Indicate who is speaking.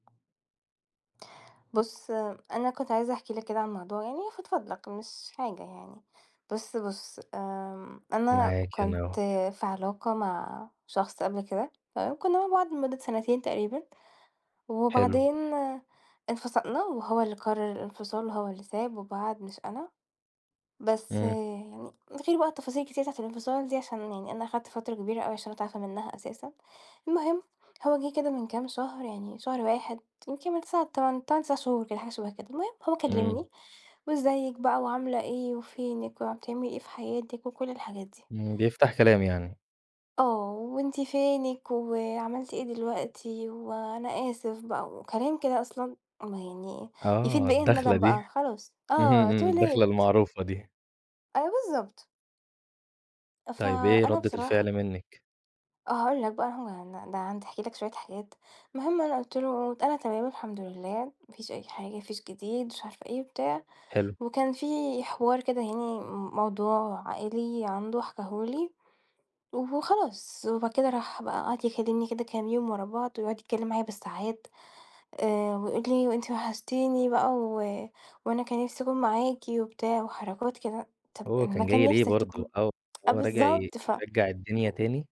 Speaker 1: بُص، أنا كنت عايزة احكي لك كده عن موضوع يعني أفضفض لك مش حاجة يعني. بُص، بُص، آمم أنا
Speaker 2: معاكِ أنا
Speaker 1: كنت
Speaker 2: أهو.
Speaker 1: في علاقة مع شخص قبل كده تمام؟ كُنّا مع بعض لمدة سَنتين تقريبًا
Speaker 2: حلو.
Speaker 1: وبعدين انفصلنا وهو اللي قرّر الإنفصال هو اللي ساب وبعد مش أنا، بس
Speaker 2: إمم.
Speaker 1: يعني من غير بقى التفاصيل الكتيرة بتاعة الإنفصال دي عشان يعني أنا اخدت فترة كبيرة أوي عشان أتعافى منّها أساسًا. المهم، هو جِه كده من كام شهر يعني شهر 1 يمكن من 9، 8، 8، 9 شهور كده حاجة شَبه كده. المهم، هو
Speaker 2: إمم.
Speaker 1: كلّمني وازّيِك بقى، وعاملة إيه، وفينِك، وع بتعملي إيه في حياتِك؟ وكل الحاجات دي.
Speaker 2: إمم، بيفتح كلام يعني.
Speaker 1: آه، وأنتِ فينِك؟ وعملتِ إيه دلوقتي؟ وأنا آسف بقى وكلام كده أصلًا ما يعني يفيد
Speaker 2: آه،
Speaker 1: بإيه
Speaker 2: الداخلة
Speaker 1: الندم
Speaker 2: دي.
Speaker 1: بقى خلاص،
Speaker 2: اهم،
Speaker 1: آه،
Speaker 2: إمم،
Speaker 1: too
Speaker 2: الداخلة
Speaker 1: late.
Speaker 2: المعروفة دي.
Speaker 1: آه بالضبط.
Speaker 2: طيب، إيه
Speaker 1: فأنا
Speaker 2: ردّة
Speaker 1: بصراحة
Speaker 2: الفعل منِّك؟
Speaker 1: آه هاقول لك بقى، هو يعن ده أنا عندي احكي لك شوية حاجات، المهم أنا قُلت له: "أنا تمام الحمد لله، ما فيش أي حاجة، ما فيش جديد،" ومش عارفة إيه وبتاع
Speaker 2: حلو.
Speaker 1: وكان في حوار كده يعني م موضوع عائلي عنده حِكاه لي وخلاص. وبعد كده راح بقى وقعد يكلّمني كده كام يوم ورا بعض ويقعُد يتكلّم معايا بالساعات آآ ويقول لي وأنتِ وحشتيني بقى و وأنا كان نفسي أكون معاكِ وبتاع وحركات كده، طَب
Speaker 2: هو
Speaker 1: أمّا
Speaker 2: كان
Speaker 1: كان
Speaker 2: جاي ليه
Speaker 1: نفسك
Speaker 2: برضه؟
Speaker 1: تكون
Speaker 2: أو
Speaker 1: آه
Speaker 2: هو راجع ي
Speaker 1: بالضبط. ف
Speaker 2: يرجّع الدنيا تاني؟